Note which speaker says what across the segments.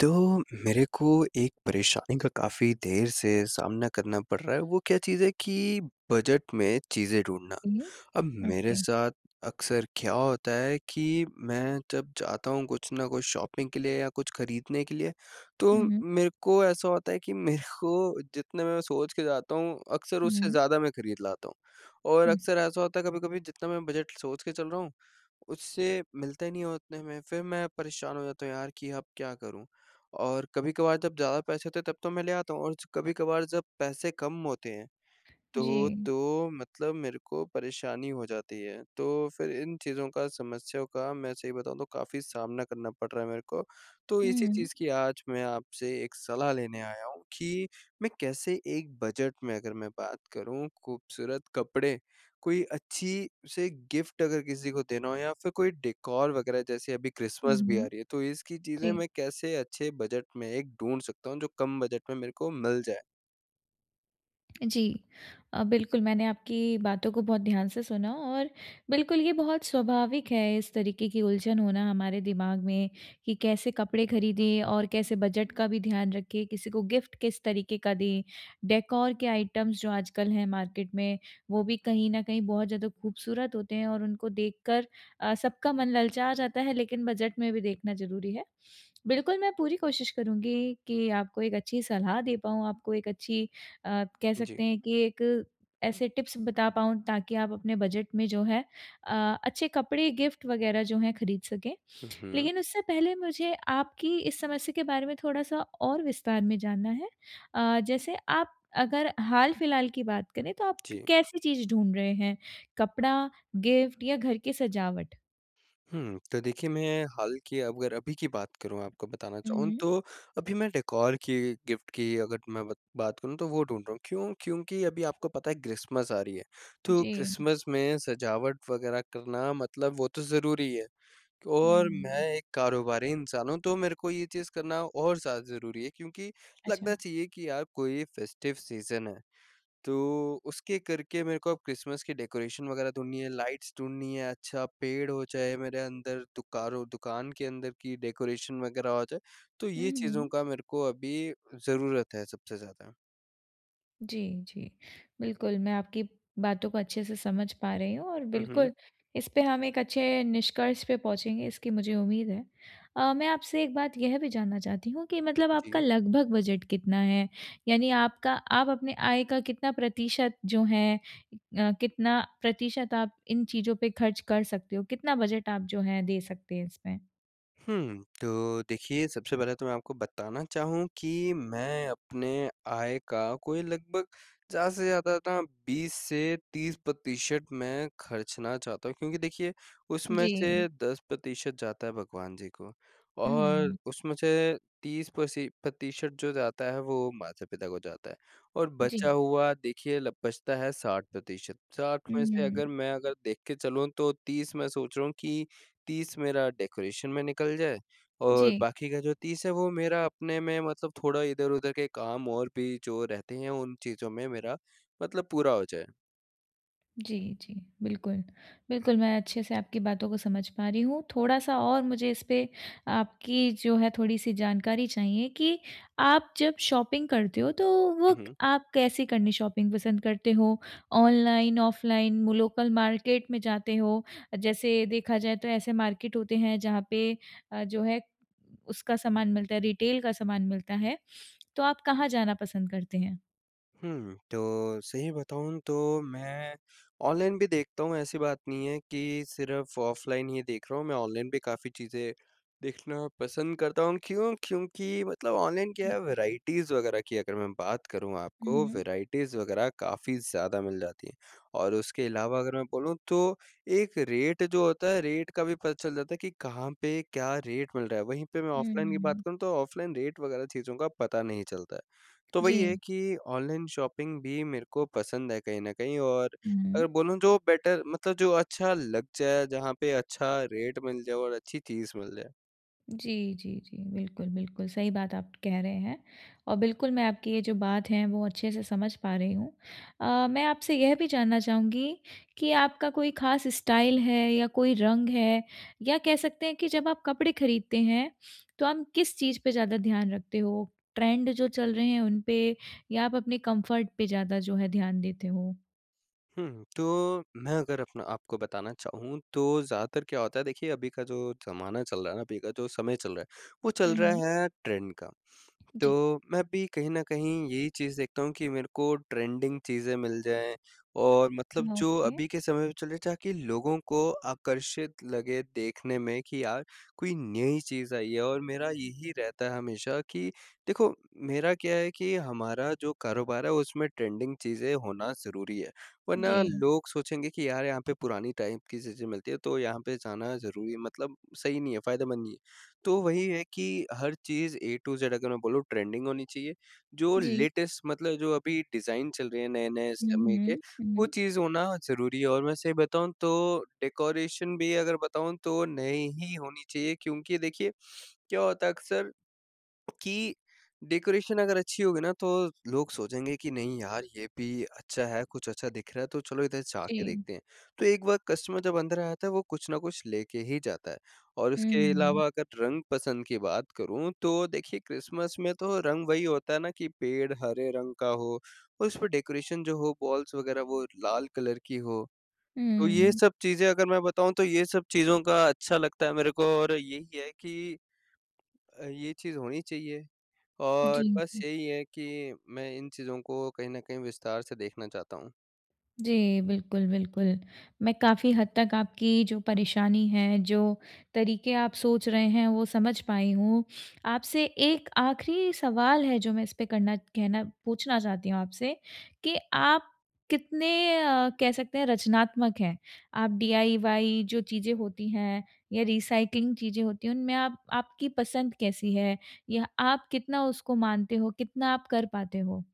Speaker 1: तो मेरे को एक परेशानी का काफ़ी देर से सामना करना पड़ रहा है वो क्या चीज़ है कि बजट में चीज़ें ढूँढना।
Speaker 2: उहुँ,
Speaker 1: अब मेरे
Speaker 2: ओके
Speaker 1: साथ अक्सर क्या होता है कि, मैं जब जाता हूँ कुछ न कुछ शॉपिंग के लिए या कुछ ख़रीदने के लिए तो
Speaker 2: हुँ, हुँ।
Speaker 1: मेरे को ऐसा होता है कि मेरे को जितने मे मैं सोच के जाता हूँ अक्सर
Speaker 2: हुँ,
Speaker 1: उससे
Speaker 2: हुँ।
Speaker 1: ज़्यादा मैं ख़रीद लाता हूँ। और
Speaker 2: हुँ।
Speaker 1: अक्सर ऐसा होता है, कभी-कभी जितना मैं बजट सोच के चल रहा हूँ उससे मिलता ही नहीं है उतने में। फ़िर मैं परेशान हो जाता हूँ, यार कि अब क्या करूँ? और कभी-कभार जब ज़्यादा पैसे होते हैं तब तो मैं ले आता हूँ और च कभी-कभार जब पैसे कम होते हैं, तो
Speaker 2: जी।
Speaker 1: तो मतलब मेरे को परेशानी हो जाती है। तो फ़िर इन चीज़ों का समस्याओं का मैं सही बताऊँ तो काफ़ी सामना करना पड़ रहा है मेरे को। तो इसी
Speaker 2: हुँ।
Speaker 1: चीज़ की आज मैं आपसे 1 सलाह लेने आया हूँ कि मैं कैसे एक बजट में, अगर मैं बात करूँ ख़ूबसूरत कपड़े कोई अच्छी-से गिफ़्ट अगर किसी को देना हो या फ़िर कोई डेकॉर वग़ैरह जैसे अभी
Speaker 2: हुँ,
Speaker 1: क्रिसमस भी आ
Speaker 2: हुँ।
Speaker 1: रही है। तो इसकी चीज़ें
Speaker 2: जी।
Speaker 1: मैं कैसे अच्छे बजट में एक ढूँढ सकता हूँ जो कम बजट में मेरे को मिल जाए?
Speaker 2: अ, जी, अ, बिल्कुल मैंने आपकी बातों को बहुत ध्यान से सुना और बिल्कुल ये बहुत स्वाभाविक है इस तरीके की उलझन होना हमारे दिमाग में कि कैसे कपड़े खरीदें और कैसे बजट का भी ध्यान रखें किसी को गिफ्ट किस तरीके का दें? डेकोर के आइटम्स जो आजकल हैं मार्केट में वो भी कहीं न कहीं बहुत ज़्यादा खूबसूरत होते हैं और उनको देखकर अ, सबका मन ललचा जाता है, लेकिन बजट में भी देखना ज़रूरी है। बिल्कुल मैं पूरी कोशिश करुँगी कि आपको एक अच्छी सलाह दे पाऊँ, आपको एक अच्छी अ, कह
Speaker 1: जी।
Speaker 2: सकते हैं कि एक ऐसे टिप्स बता पाऊँ ताकि आप अपने बजट में जो है अ, अच्छे कपड़े गिफ्ट वगैरह जो हैं खरीद सकें।
Speaker 1: हुँ, हुँ।
Speaker 2: लेकिन उससे पहले मुझे आपकी इस समस्या के बारे में थोड़ा-सा और विस्तार में जानना है अ, जैसे आप अगर हाल-फिलहाल की बात करें तो आप क
Speaker 1: जी।
Speaker 2: कैसी चीज़ ढूँढ रहे हैं, कपड़ा, गिफ्ट या घर की सजावट?
Speaker 1: हुँ, तो देखिए मैं हाल की अगर अभी की बात करूँ आपको बताना
Speaker 2: हुँ,
Speaker 1: चाहूँ
Speaker 2: हुँ।
Speaker 1: तो अभी मैं डेकोर की गिफ्ट की अगर मैं बत बात करूँ तो, वो ढूँढ रहा हूँ। क्यों? क्योंकि अभी आपको पता है क्रिसमस आ रही है, तो
Speaker 2: जी।
Speaker 1: क्रिसमस में सजावट वगैरह करना मतलब वो तो ज़रूरी ही है और मैं
Speaker 2: हुँ।
Speaker 1: एक कारोबारी इंसान हूँ, तो मेरे को ये चीज़ करना और ज़्यादा ज़रूरी है क्योंकि लगना
Speaker 2: अच्छा।
Speaker 1: चाहिए कि यार कोई फेस्टिव सीज़न है। तो उसके करके मेरे को अब क्रिसमस की डेकोरेशन वगैरह ढूँढनी है, लाइट्स ढूँढनी हैं, अच्छा पेड़ हो चाहे मेरे अंदर दुकारओ दुकान के अंदर की डेकोरेशन वगैरह हो जाए, तो ये
Speaker 2: हुँ,
Speaker 1: चीज़ों
Speaker 2: हुँ।
Speaker 1: का मेरे को अभी ज़रूरत है सबसे ज़्यादा।
Speaker 2: जी, जी। बिल्कुल मैं आपकी बातों को अच्छे से समझ पा रही हूँ और
Speaker 1: हुँ, हुँ।
Speaker 2: बिल्कुल इस पे हम एक अच्छे निष्कर्ष पे पहुँचेंगे इसकी मुझे उम्मीद है। अ, मैं आपसे एक बात यह भी जानना चाहती हूँ कि मतलब आपका
Speaker 1: जी।
Speaker 2: लगभग बजट कितना है? यानी आपका आप अपनी आय का कितना प्रतिशत जो है अ, कितना प्रतिशत आप इन चीज़ों पे खर्च कर सकते हो? कितना बजट आप जो हैं दे सकते हैं इसमें?
Speaker 1: हुँ, तो देखिए सबसे पहले तो मैं आपको बताना चाहूँ कि मैं अपने आय का कोई लगभग ज़्यादा से ज़्यादा ना 20 से 30 प्रतिशत मैं खर्चना चाहता हूँ, क्योंकि देखिए उसमें
Speaker 2: जी।
Speaker 1: से 10 प्रतिशत जाता है भगवान जी को और
Speaker 2: उहुँ।
Speaker 1: उसमें से 30 प्रसि प्रतिशत जो जाता है वो माता-पिता को जाता है और बचा
Speaker 2: जी।
Speaker 1: हुआ देखिए बचता है 60 प्रतिशत, 60 में से अगर
Speaker 2: हुँ।
Speaker 1: मैं अगर देख के चलूँ तो 30 मैं सोच रहा हूँ कि 30 मेरा डेकोरेशन में निकल जाए और
Speaker 2: जी।
Speaker 1: बाकी का जो 30 है वो मेरा अपने में मतलब थोड़ा इधर-उधर के काम और भी जो रहते हैं, उन चीज़ों में मेरा मतलब पूरा हो जाए।
Speaker 2: जी, जी, बिल्कुल। बिल्कुल, मैं अच्छे से आपकी बातों को समझ पा रही हूँ थोड़ा-सा और मुझे इस पे आपकी जो है थोड़ी-सी जानकारी चाहिए कि आप जब शॉपिंग करते हो। तो
Speaker 1: हुँ,
Speaker 2: वो
Speaker 1: हुँ।
Speaker 2: आप कैसी करनी शॉपिंग पसंद करते हो। ऑनलाइन, ऑफ़लाइन वो लोकल मार्केट में जाते हो? जैसे देखा जाए तो ऐसे मार्केट होते हैं जहाँ पे अ, जो है उसका सामान मिलता है, रिटेल का सामान मिलता है। तो आप कहाँ जाना पसंद करते हैं?
Speaker 1: हुँ, तो सही बताऊँ तो मैं ऑनलाइन भी देखता हूँ ऐसी बात नहीं है कि सिर्फ़ ऑफ़लाइन ही देख रहा हूँ, मैं ऑनलाइन भी काफ़ी चीज़ें देखना पसंद करता हूँ। क्यों? क्योंकि मतलब ऑनलाइन क्या
Speaker 2: जी।
Speaker 1: है वैराइटीज़ वगैरह की अगर मैं बात करूँ
Speaker 2: हुँ,
Speaker 1: आपको,
Speaker 2: हुँ।
Speaker 1: वैराइटीज़ वगैरह काफ़ी ज़्यादा मिल जाती हैं। और उसके अलावा अगर मैं बोलूँ तो एक रेट जो होता है, रेट का भी पता चल जाता है कि कहाँ पे क्या रेट मिल रहा है? वहीं पे मैं
Speaker 2: हुँ,
Speaker 1: ऑफ़लाइन की
Speaker 2: हुँ,
Speaker 1: बात
Speaker 2: हुँ।
Speaker 1: करूँ, तो ऑफ़लाइन रेट वगैरह चीज़ों का पता नहीं चलता है। तो वही है
Speaker 2: जी।
Speaker 1: कि ऑनलाइन शॉपिंग भी मेरे को पसंद है कहीं न कहीं और अगर
Speaker 2: हुँ।
Speaker 1: बोलूँ जो बेटर मतलब जो अच्छा लग जाए, जहाँ पे अच्छा रेट मिल जाए और अच्छी चीज़ मिल जाए।
Speaker 2: जी, जी, जी, बिल्कुल, बिल्कुल सही बात आप कह रहे हैं। अ, बिल्कुल मैं आपकी ये जो बात है, वो अच्छे से समझ पा रही हूँ। अ, मैं आपसे यह भी जानना चाहूँगी कि आपका कोई खास स्टाइल है या कोई रंग है या कह सकते हैं कि जब आप कपड़े खरीदते हैं, तो आप किस चीज़ पे ज़्यादा ध्यान रखते हो? ट्रेंड जो चल रहें हैं उन पे या आप अपने कम्फर्ट पे ज़्यादा जो है ध्यान देते हो?
Speaker 1: हुँ, तो मैं अगर अपना आपको बताना चाहूँ तो ज़्यादातर क्या होता है देखिए अभी का जो ज़माना चल रहा है ना, अभी का जो समय चल रहा है वो चल
Speaker 2: हुँ,
Speaker 1: रहा
Speaker 2: हुँ।
Speaker 1: है ट्रेंड का।
Speaker 2: जी।
Speaker 1: तो मैं भी कहीं न कहीं यही चीज़ देखता हूँ कि मेरे को ट्रेंडिंग चीज़ें मिल जाएँ और मतलब जो
Speaker 2: ओके।
Speaker 1: अभी के समय में चल रहे ताकि लोगों को आकर्षित लगे देखने में कि यार कोई नई चीज़ आई है और मेरा यही रहता है हमेशा कि देखो मेरा क्या है कि हमारा जो कारोबार है उसमें ट्रेंडिंग चीज़ें होना ज़रूरी है। वरना
Speaker 2: जी।
Speaker 1: लोग सोचेंगे कि यार यहाँ पे पुरानी टाइप की चीज़ें मिलती है तो यहाँ पे जाना ज़रूरी मतलब सही नहीं है, फायदेमंद नहीं है। तो वही है कि हर चीज़ ए टू ज़ अगर मैं बोलूँ ट्रेंडिंग होनी चाहिए जो
Speaker 2: जी।
Speaker 1: लेटेस्ट मतलब जो अभी डिज़ाइन चल रहे हैं नए-नए
Speaker 2: हुँ,
Speaker 1: समय के
Speaker 2: हुँ,
Speaker 1: वो
Speaker 2: हुँ।
Speaker 1: चीज़ होना ज़रूरी है और मैं सही बताऊँ तो डेकोरेशन भी अगर बताऊँ तो नई ही होनी चाहिए क्योंकि देखिए क्या होता है अक्सर कि डेकोरेशन अगर अच्छी होगी ना तो लोग सोचेंगे कि, "नहीं यार ये भी अच्छा है, कुछ अच्छा दिख रहा है तो चलो इधर जा के
Speaker 2: जी।
Speaker 1: देखते हैं।" तो एक बार कस्टमर जब अंदर आ जाता है वो कुछ ना कुछ लेके ही जाता है और उसके
Speaker 2: हम्म।
Speaker 1: अलावा अगर रंग पसंद की बात करूँ, तो देखिए क्रिसमस में तो रंग वही होता है ना कि पेड़ हरे रंग का हो और उसमें डेकोरेशन जो हो बॉल्स वगैरह वो लाल कलर की हो, तो ये
Speaker 2: हम्म।
Speaker 1: सब चीज़ें अगर मैं बताऊँ तो ये सब चीज़ों का अच्छा लगता है मेरे को और यही है कि अ, ये चीज़ होनी चाहिए और
Speaker 2: जी,
Speaker 1: बस
Speaker 2: हुँ।
Speaker 1: यही है कि मैं इन चीज़ों को कहीं न कहीं विस्तार से देखना चाहता हूँ।
Speaker 2: जी, बिल्कुल, बिल्कुल। मैं काफ़ी हद तक आपकी जो परेशानी है जो तरीके आप सोच रहे हैं वो समझ पाई हूँ। आपसे एक आख़िरी सवाल है जो मैं इस पे करना कहना पूछना चाहती हूँ आपसे, कि आप कितने अ, कह सकते हैं रचनात्मक हैं? आप डी आई वाई जो चीज़ें होती हैं या रिसाइक्लिंग चीज़ें होती हैं उनमें आप आपकी पसंद कैसी है? या आप कितना उसको मानते हो? कितना आप कर पाते हो?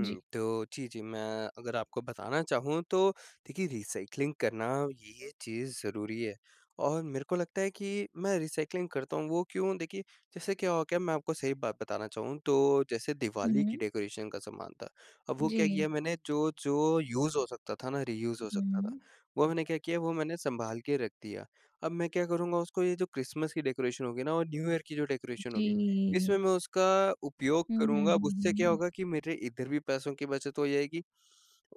Speaker 2: जी।
Speaker 1: तो जी, जी, मैं अगर आपको बताना चाहूँ तो देखिए रिसाइक्लिंग करना ये चीज़ ज़रूरी है और मेरे को लगता है कि मैं रिसाइक्लिंग करता हूँ वो क्यों? देखिए जैसे क्या हो गया मैं आपको सही बात बताना चाहूँ तो जैसे दिवाली की
Speaker 2: हुँ।
Speaker 1: डेकोरेशन का सामान था। वो क्या
Speaker 2: जी।
Speaker 1: किया मैंने जो-जो यूज़ हो सकता था ना रियूज़ हो सकता था,
Speaker 2: हुँ।
Speaker 1: वो मैंने क्या किया? वो मैंने सँभाल के रख दिया। अब मैं क्या करूँगा उसको ये जो क्रिसमस की डेकोरेशन होगी ना और न्यू ईयर की जो डेकोरेशन होगी इसमें
Speaker 2: जी।
Speaker 1: मैं उसका उपयोग
Speaker 2: हुँ, हुँ,
Speaker 1: करूँगा। अब
Speaker 2: हुँ,
Speaker 1: उससे
Speaker 2: हुँ,
Speaker 1: क्या
Speaker 2: हुँ।
Speaker 1: होगा कि मेरे इधर भी पैसों की बचत हो जाएगी।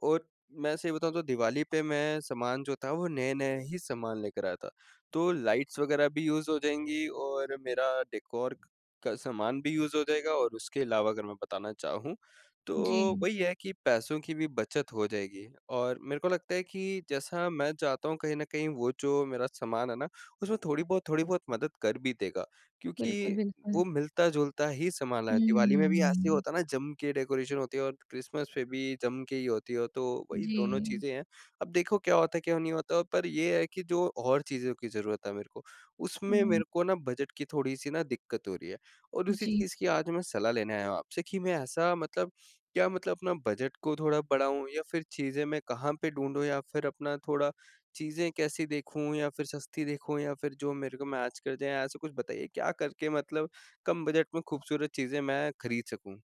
Speaker 1: और मैं सही बताऊँ तो दिवाली पे मैं सामान जो था वो नए-नए ही सामान लेकर आया था। तो लाइट्स वगैरह भी यूज़ हो जाएँगी और मेरा डेकोर का सामान भी यूज़ हो जाएगा और उसके अलावा अगर मैं बताना चाहूँ तो
Speaker 2: जी।
Speaker 1: वही है कि पैसों की भी बचत हो जाएगी। और मेरे को लगता है कि जैसा मैं चाहता हूँ कहीं न कहीं वो जो मेरा सामान है ना उसमें थोड़ी बहुत थोड़ी बहुत मदद कर भी देगा। क्योंकि
Speaker 2: बिल्कुल, बिल्कुल।
Speaker 1: वो मिलता-जुलता ही सामान है। दिवाली में भी ऐसे ही
Speaker 2: हम्म।
Speaker 1: होता है ना जम के डेकोरेशन होती है और क्रिसमस पे भी जम के ही होती है। तो वही दोनों
Speaker 2: जी।
Speaker 1: चीज़ें हैं। अब देखो क्या होता है, क्या नहीं होता पर ये है कि जो और चीज़ों की ज़रूरत है मेरे को उसमें,
Speaker 2: हुँ।
Speaker 1: मेरे को ना बजट की थोड़ी सी ना दिक्कत हो रही है और उसी
Speaker 2: जी।
Speaker 1: चीज़ की आज मैं सलाह लेने आया हूँ आपसे कि मैं ऐसा मतलब क्या मतलब अपना बजट को थोड़ा बढ़ाऊँ या फिर चीज़ें मैं कहाँ पे ढूँढूँ या फिर अपना थोड़ा चीज़ें कैसी देखूँ या फिर सस्ती देखूँ या फिर जो मेरे को मैच कर जाएँ ऐसा कुछ बताइए? क्या करके मतलब कम बजट में खूबसूरत चीज़ें मैं खरीद सकूँ?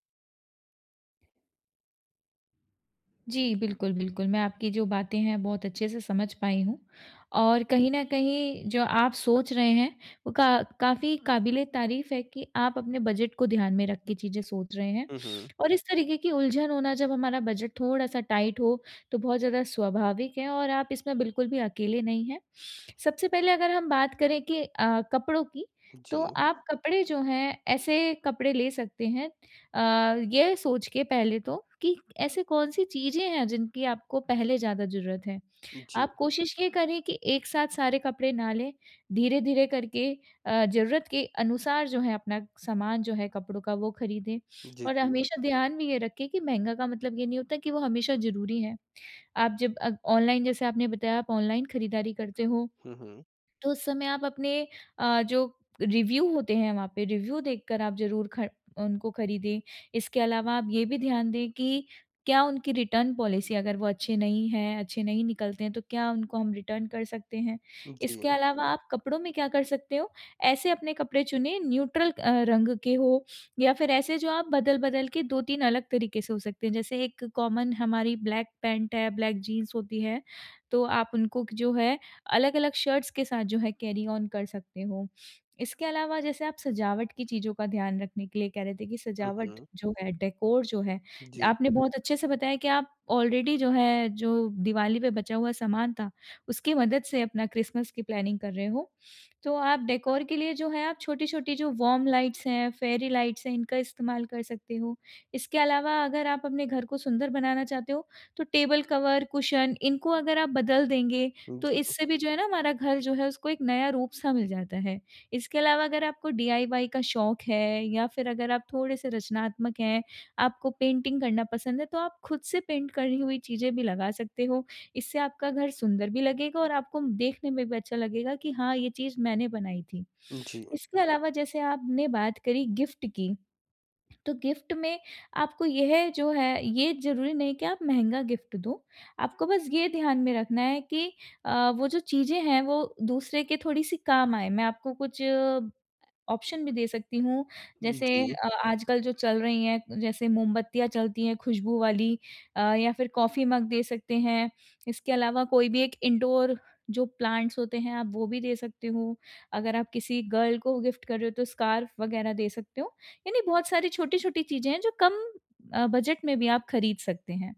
Speaker 2: जी। बिल्कुल, बिल्कुल मैं आपकी जो बातें हैं बहुत अच्छे से समझ पाई हूँ। और कहीं न कहीं जो आप सोच रहे हैं वो का काफ़ी कबिल-ए-तारीफ़ है कि आप अपने बजट को ध्यान में रख के चीज़ें सोच रहे हैं।
Speaker 1: हुँ, हुँ।
Speaker 2: और इस तरीके की उलझन होना जब हमारा बजट थोड़ा-सा टाइट हो तो बहुत ज़्यादा स्वाभाविक है और आप इसमें बिल्कुल भी अकेले नहीं हैं। सबसे पहले अगर हम बात करें कि अ, कपड़ों की तो
Speaker 1: जी।
Speaker 2: आप कपड़े जो हैं ऐसे कपड़े ले सकते हैं अ, ये सोच के पहले तो कि ऐसे कौन-सी चीज़ें हैं जिनकी आपको पहले ज़्यादा ज़रूरत है?
Speaker 1: जी।
Speaker 2: आप कोशिश ये करें कि एक साथ सारे कपड़े ना लें, धीरे-धीरे करके अ, ज़रूरत के अनुसार जो है अपना सामान जो है कपड़ों का वो ख़रीदें।
Speaker 1: जी,
Speaker 2: और
Speaker 1: जी।
Speaker 2: हमेशा ध्यान में ये रखें कि महँगा का मतलब ये नहीं होता कि वो हमेशा ज़रूरी है। आप जब अ, ऑनलाइन जैसे आपने बताया आप ऑनलाइन ख़रीदारी करते हो
Speaker 1: हुँ, हुँ।
Speaker 2: तो उस समय आप अपने अ, जो रिव्यू होते हैं वहाँ पे रिव्यू देख कर आप ज़रूर खर उनको ख़रीदें। इसके अलावा आप ये भी ध्यान दें कि क्या उनकी रिटर्न पॉलिसी अगर वो अच्छे नहीं है, अच्छे नहीं निकलते हैं तो क्या उनको हम रिटर्न कर सकते हैं? इसके
Speaker 1: जी।
Speaker 2: अलावा आप कपड़ों में क्या कर सकते हो, ऐसे अपने कपड़े चुनें न्यूट्रल अ, रंग के हों या फिर ऐसे जो आप बदल-बदल के 2-3 अलग तरीके से हो सकते हैं। जैसे एक कॉमन हमारी ब्लैक पैंट है, ब्लैक जीन्स होती है। तो आप उनको क जो है अलग-अलग शर्ट्स के साथ जो हैं कैरी ओन कर सकते हो। इसके अलावा जैसे आप सजावट की चीज़ों का ध्यान रखने के लिए कह रहे थे कि
Speaker 1: हुँ,
Speaker 2: सजावट
Speaker 1: हुँ।
Speaker 2: जो है, डेकोर जो है,
Speaker 1: जी।
Speaker 2: आपने बहुत अच्छे से बताया कि आप आलरेडी जो है जो दिवाली पे बचा हुआ सामान था उसकी मदद से अपना क्रिस्मस की प्लानिंग कर रहे हो। तो आप डेकोर के लिए जो है आप छोटी-छोटी जो वार्म लाइट्स हैं, फेयरी लाइट्स हैं इनका इस्तेमाल कर सकते हो। इसके अलावा अगर आप अपने घर को सुंदर बनाना चाहते हो तो टेबल कवर, कुशन इनको अगर आप बदल देंगे तो
Speaker 1: जी।
Speaker 2: इससे भी जो है ना हमारा घर जो है उसको एक नया रूप सा मिल जाता है। इसके अलावा अगर आपको डीआईवाई का शौक है या फिर अगर आप थोड़े-से रचनात्मक हैं, आपको पेंटिंग करना पसंद है तो आप खुद से पेंट करनी हुई चीज़ें भी लगा सकते हो। इससे आपका घर सुंदर भी लगेगा और आपको देखने में भी अच्छा लगेगा कि हाँ ये चीज़ मैंने बनाई थी।
Speaker 1: जी।
Speaker 2: इसके अलावा जैसे आपने बात करी गिफ़्ट की तो गिफ़्ट में आपको यह जो है, ये ज़रूरी नहीं कि आप महँगा गिफ़्ट दो। आपको बस ये ध्यान में रखना है कि अ, वो जो चीज़ें हैं वो दूसरे के थोड़ी-सी काम आएँ। मैं आपको कुछ ऑप्शन भी दे सकती हूँ। जैसे
Speaker 1: जी।
Speaker 2: अ आजकल जो चल रही है, जैसे मोमबत्तियाँ चलती हैं खुशबू वाली अ, या फिर कॉफ़ी मग दे सकते हैं। इसके अलावा कोई भी एक इंडोर जो प्लांट्स होते हैं आप वो भी दे सकते हो। अगर आप किसी गर्ल को गिफ़्ट कर रहे हो तो स्कार्फ़ वग़ैरह दे सकते हो। यानी बहुत सारी छोटी-छोटी चीज़ें हैं जो कम अ, बजट में भी आप ख़रीद सकते हैं।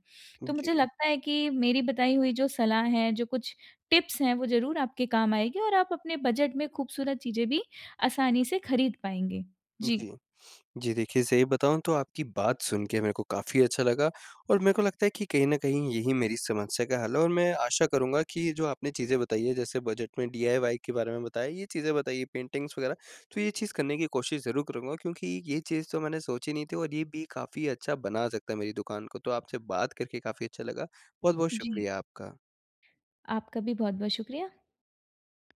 Speaker 2: तो
Speaker 1: जी।
Speaker 2: मुझे लगता है कि मेरी बताई हुई जो सलाह है, जो कुछ टिप्स हैं वो ज़रूर आपके काम आएगी और आप अपने बजट में खूबसूरत चीज़ें भी आसानी से ख़रीद पाएँगे। जी।
Speaker 1: जी। जी देखिए सही बताऊँ तो आपकी बात सुन के मेरे को काफ़ी अच्छा लगा और मेरे को लगता है कि कहीं न कहीं यही मेरी समस्या का हल है और मैं आशा करूँगा कि ये जो आपने चीज़ें बताई हैं जैसे बजट में डीआईवाई के बारे में बताया, ये चीज़ें बताई पेंटिंग्स वग़ैरह तो ये चीज़ करने की कोशिश ज़रूर करूँगा क्योंकि ये चीज़ तो मैंने सोची नहीं थी और ये भी काफ़ी अच्छा बना सकता है मेरी दुकान को। तो आपसे बात करके काफ़ी अच्छा लगा। बहुत-बहुत
Speaker 2: जी।
Speaker 1: शुक्रिया आपका।
Speaker 2: आपका भी बहुत-बहुत शुक्रिया।